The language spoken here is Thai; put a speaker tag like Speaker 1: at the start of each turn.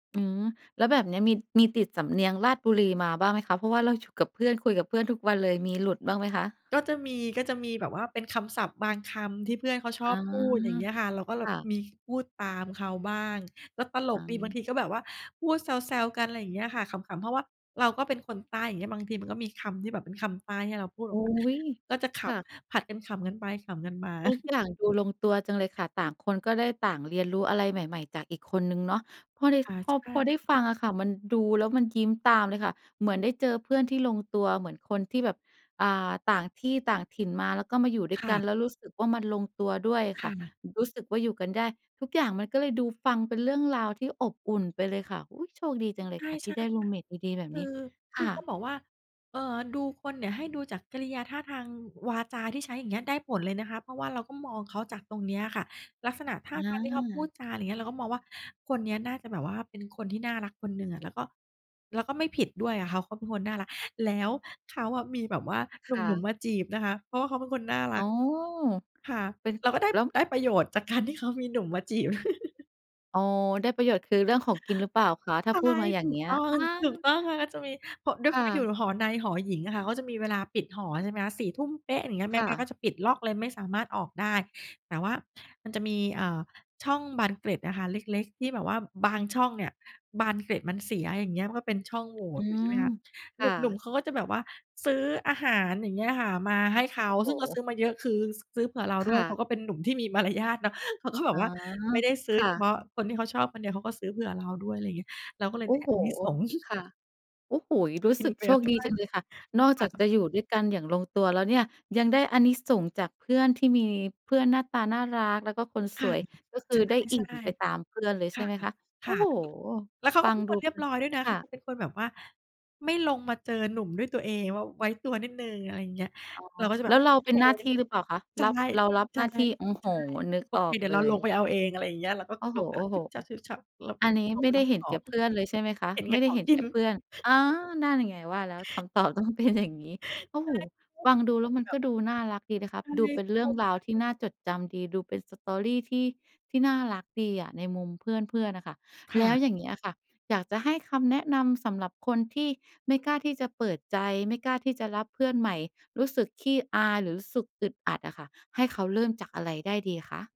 Speaker 1: อืม แล้วแบบเนี้ยมี มีติดสำเนียงราชบุรีมาบ้างไหมคะ? เพราะว่าเราอยู่กับเพื่อน คุยกับเพื่อนทุกวันเลย มีหลุดบ้างไหมคะ?
Speaker 2: ก็จะมี ก็จะมีแบบว่าเป็นคำศัพท์บางคำที่เพื่อนเขาช
Speaker 1: อ
Speaker 2: อ
Speaker 1: ๋อ
Speaker 2: บพูดอย่างเงี้ยค่ะ เราก็แล
Speaker 1: ค
Speaker 2: บ
Speaker 1: ่ะ
Speaker 2: มีพูดตามเขาบ้าง แล้วตล
Speaker 1: อ๋
Speaker 2: กดีบาง
Speaker 1: อ
Speaker 2: ทีก็แบบว่าพูดแซว ๆ กัน อะไรอย่างเงี้ยค่ะ ขำ ๆ เพราะว่าเราก็เป็นคนใต้อย่างเงี้ย บางทีมันก็มีคำที่แบบเป็นคำใต้ที่เราพูดแบ
Speaker 1: อุ
Speaker 2: บ
Speaker 1: ๊
Speaker 2: ว่า
Speaker 1: ย
Speaker 2: ก็จะข
Speaker 1: ค่ะ
Speaker 2: ำ ผลัดกันขำกันไปขำกันมา
Speaker 1: ทุกอย่างดูลงตัวจังเลยค่ะ ต่างคนก็ได้ต่างเรียนรู้อะไรใหม่ ๆ จากอีกคนหนึ่งเนาะ พอได้
Speaker 2: อา
Speaker 1: พ
Speaker 2: ใช
Speaker 1: อ พ
Speaker 2: ่
Speaker 1: อได้ฟังอะค่ะ มันดูแล้วมันยิ้มตามเลยค่ะ เหมือนได้เจอเพื่อนที่ลงตัว เหมือนคนที่แบบ อ่า ต่างที่ต่างถิ่นมา แล้วก็มาอยู่ด้ว
Speaker 2: ค
Speaker 1: ย
Speaker 2: ่
Speaker 1: กัน
Speaker 2: ะ
Speaker 1: แล้วรู้สึกว่ามันลงตัวด้วย
Speaker 2: ค
Speaker 1: ค่
Speaker 2: ่
Speaker 1: ะ
Speaker 2: ะ
Speaker 1: รู้สึกว่าอยู่กันได้ ทุกอย่างมันก็เลยดูฟังเป็นเรื่องราวที่อบอุ่นไปเลยค่ะ อุ๊ย โชคดีจังเล
Speaker 2: ใ
Speaker 1: ย
Speaker 2: ช่
Speaker 1: ค่ะที่ได้ร
Speaker 2: ๆ ค
Speaker 1: ูม
Speaker 2: ่ะ
Speaker 1: เมตดี ๆ แบบ
Speaker 2: คื
Speaker 1: น
Speaker 2: อ
Speaker 1: ี้ ค
Speaker 2: ที่
Speaker 1: ่
Speaker 2: เข
Speaker 1: ะ
Speaker 2: าบอกว่า เอ่อ ดูคนเนี่ยให้ดูจากกิริยา ท่าทาง วาจาที่ใช้อย่างเงี้ย ได้ผลเลยนะคะ เพราะว่าเราก็มองเขาจากตรงนี้อะค่ะ ลักษณะท่า
Speaker 1: อ
Speaker 2: ทางที่เขาพูด
Speaker 1: า
Speaker 2: จา อะไรอย่างเงี้ย เราก็มองว่าคนเนี้ยน่าจะแบบว่าเป็นคนที่น่ารักคนหนึ่งอะ แล้วก็ แล้วก็ไม่ผิดด้วยอะค่ะ เขาก็เป็นคนน่ารัก แล้ว เขาอะมีแบบว่าห
Speaker 1: ค
Speaker 2: นุ
Speaker 1: ่
Speaker 2: ่ม
Speaker 1: ะ
Speaker 2: ๆ มาจีบนะคะ เพราะว่าเขาเป็นคนน่ารั
Speaker 1: อ๋
Speaker 2: ก
Speaker 1: อ
Speaker 2: ค่ะ
Speaker 1: เป็น
Speaker 2: เราก็ได้
Speaker 1: แล้ว
Speaker 2: ได้ประโยชน์จากการที่เขามีหนุ่มมาจีบ
Speaker 1: อ๋อ ได้ประโยชน์คือ เรื่องของกินหรือเปล่าคะ? ถ้
Speaker 2: ใ
Speaker 1: า
Speaker 2: ช่
Speaker 1: พูดมาอย่
Speaker 2: ถ
Speaker 1: า
Speaker 2: ู
Speaker 1: งเง
Speaker 2: ก
Speaker 1: ี้ย
Speaker 2: ต้อ
Speaker 1: อ
Speaker 2: ง
Speaker 1: ้อ
Speaker 2: ถูกต้องเลย แล้วจะมี พ ด้ว
Speaker 1: ค
Speaker 2: ยคว
Speaker 1: ่
Speaker 2: ามที่อย
Speaker 1: ะ
Speaker 2: ู่หอในหอหญิงอะค่ะ ก็จะมีเวลาปิดหอใช่ไหมคะ 4 ทุ่มเป๊ะ อะไรอย่างเงี้ย แ
Speaker 1: ค
Speaker 2: ม่
Speaker 1: ่
Speaker 2: บ้าน
Speaker 1: ะ
Speaker 2: ก็จะปิดล็อกเลยไม่สามารถออกได้ แต่ว่า มันจะมี เอ่อ ช่องบานเกล็ดอะค่ะเล็ก ๆ ที่แบบว่าบางช่องเนี่ยบานเกล็ดมันเสีย อย่างเงี้ย มันก็เป็นช่องโหว่
Speaker 1: อื
Speaker 2: อยู่ ใช
Speaker 1: ม
Speaker 2: ่ไหมคะ
Speaker 1: ค
Speaker 2: ห
Speaker 1: ่ะ
Speaker 2: นุ่ม ๆ เขาก็จะแบบว่าซื้ออาหาร อย่างเงี้ยค่ะ มาให้เขา
Speaker 1: โอ้โ
Speaker 2: ซึ่งเขาซื
Speaker 1: ฮ
Speaker 2: ้อมาเยอะ คือ ซื้อเผื่อเรา
Speaker 1: ค
Speaker 2: ด้ว
Speaker 1: ่
Speaker 2: ย เข
Speaker 1: ะ
Speaker 2: าก็เป็นหนุ่มที่มี มารยาทเนาะ เขาก็แบ
Speaker 1: อ๋
Speaker 2: บ
Speaker 1: อ
Speaker 2: ว่า ไม่ได้ซื้
Speaker 1: ค
Speaker 2: อ
Speaker 1: ่
Speaker 2: เฉพ
Speaker 1: ะ
Speaker 2: าะคนที่เขาชอบคนเดียว เขาก็ซื้อเผื่อเราด้วย อะไรอย่างงี้ เราก็เล
Speaker 1: โ
Speaker 2: ย
Speaker 1: อ้
Speaker 2: ได้
Speaker 1: โฮ
Speaker 2: อานิสงส์
Speaker 1: ค่ะ โอ้โฮ รู้
Speaker 2: กิ
Speaker 1: ส
Speaker 2: น
Speaker 1: ึก
Speaker 2: ไป
Speaker 1: โช
Speaker 2: กับ
Speaker 1: ค
Speaker 2: เขา
Speaker 1: ดี
Speaker 2: ด้ว
Speaker 1: จั
Speaker 2: ย
Speaker 1: งเลยค่ะ นอก
Speaker 2: ค
Speaker 1: จ
Speaker 2: ่
Speaker 1: ากจ
Speaker 2: ะ
Speaker 1: ะอยู่ด้วยกันอย่างลงตัวแล้วเนี่ย ยังได้อานิสงส์จากเพื่อนที่มี เพื่อนหน้าตาน่ารักแล้วก็คน
Speaker 2: ค
Speaker 1: ส
Speaker 2: ่ะ
Speaker 1: วย ก็คือได้อ
Speaker 2: ใ
Speaker 1: ิ
Speaker 2: ช
Speaker 1: ่
Speaker 2: ่
Speaker 1: มไปตามเพื่อนเลย
Speaker 2: ๆ ค
Speaker 1: ใช
Speaker 2: ่
Speaker 1: ่
Speaker 2: ะ
Speaker 1: ไหมคะ
Speaker 2: ค
Speaker 1: โอ้
Speaker 2: ่ะ
Speaker 1: โฮ
Speaker 2: แล้วเขา
Speaker 1: ฟ
Speaker 2: ก
Speaker 1: ั
Speaker 2: ็เ
Speaker 1: ง
Speaker 2: ป็น
Speaker 1: ด
Speaker 2: ค
Speaker 1: ู
Speaker 2: นเรี
Speaker 1: เป
Speaker 2: ยบ
Speaker 1: ็น
Speaker 2: ร้อยด้วยนะ
Speaker 1: ค
Speaker 2: เข
Speaker 1: ่
Speaker 2: า
Speaker 1: ะ
Speaker 2: เป็นคนแบบว่าไม่ลงมาเจอหนุ่มด้วยตัวเอง ว ไว้ตัวนิดหนึ่ง อะไรอย่างเงี้ย
Speaker 1: อ๋อ
Speaker 2: เราก็จะแบ
Speaker 1: แล้
Speaker 2: บ
Speaker 1: วเรา
Speaker 2: โอ
Speaker 1: เป
Speaker 2: เค
Speaker 1: ็นหน้าที่หรือเปล่าคะ?
Speaker 2: ใช
Speaker 1: ร
Speaker 2: ่
Speaker 1: ับ เรารับ
Speaker 2: ใช
Speaker 1: หน
Speaker 2: ่
Speaker 1: ้าที่ โอ้โ
Speaker 2: ใ
Speaker 1: ฮ
Speaker 2: ช่
Speaker 1: นึก
Speaker 2: โอ
Speaker 1: ออ
Speaker 2: เค
Speaker 1: ก
Speaker 2: เดี๋
Speaker 1: เ
Speaker 2: ยว
Speaker 1: ล
Speaker 2: เราลง
Speaker 1: ย
Speaker 2: ไปเอาเอง อะไรอย่างเงี้ย เราก็
Speaker 1: โอ้
Speaker 2: ล
Speaker 1: โ
Speaker 2: งมาฉ
Speaker 1: ฮ
Speaker 2: ึบฉับ ๆ เรา
Speaker 1: ๆ
Speaker 2: ก
Speaker 1: อ
Speaker 2: ็
Speaker 1: ันนี้
Speaker 2: ลง
Speaker 1: ไม
Speaker 2: ไป
Speaker 1: ่ไ
Speaker 2: ร
Speaker 1: ด้
Speaker 2: ับ
Speaker 1: เห็
Speaker 2: ข
Speaker 1: น
Speaker 2: อ
Speaker 1: แก่
Speaker 2: ง
Speaker 1: เพื่อนเลยใช่ไหมคะ?
Speaker 2: เห็นแ
Speaker 1: ไม
Speaker 2: ก่
Speaker 1: ่ได
Speaker 2: ข
Speaker 1: ้
Speaker 2: อ
Speaker 1: เ
Speaker 2: ง
Speaker 1: ห็น
Speaker 2: กิ
Speaker 1: แก
Speaker 2: น
Speaker 1: ่เพื่อน อ๋อ นั่นไงว่าแล้ว คำตอบต้องเป็นอย่างงี้ โอ้
Speaker 2: ใ
Speaker 1: โ
Speaker 2: ช
Speaker 1: ฮ
Speaker 2: ่
Speaker 1: ฟังดูแล้วมัน
Speaker 2: แบ
Speaker 1: ก
Speaker 2: บ
Speaker 1: ็ดูน่ารักดีนะคะ
Speaker 2: ใช่
Speaker 1: ดูเป็นเรื่องราวที่น่าจดจำดี ดูเป็น story ที่น่ารักดีอะในมุมเพื่อน ๆ อะค่ะ
Speaker 2: ค
Speaker 1: แ
Speaker 2: ่
Speaker 1: ล้ว
Speaker 2: ะ
Speaker 1: อย่างเงี้ยอะค่ะ อยากจะให้คำแนะนำ สำหรับคนที่ไม่กล้าที่จะเปิดใจ ไม่กล้าที่จะรับเพื่อนใหม่ รู้สึกขี้อาย หรือรู้สึกอึดอัดอะค่ะ ให้เขาเริ่มจากอะไรได้ดีคะ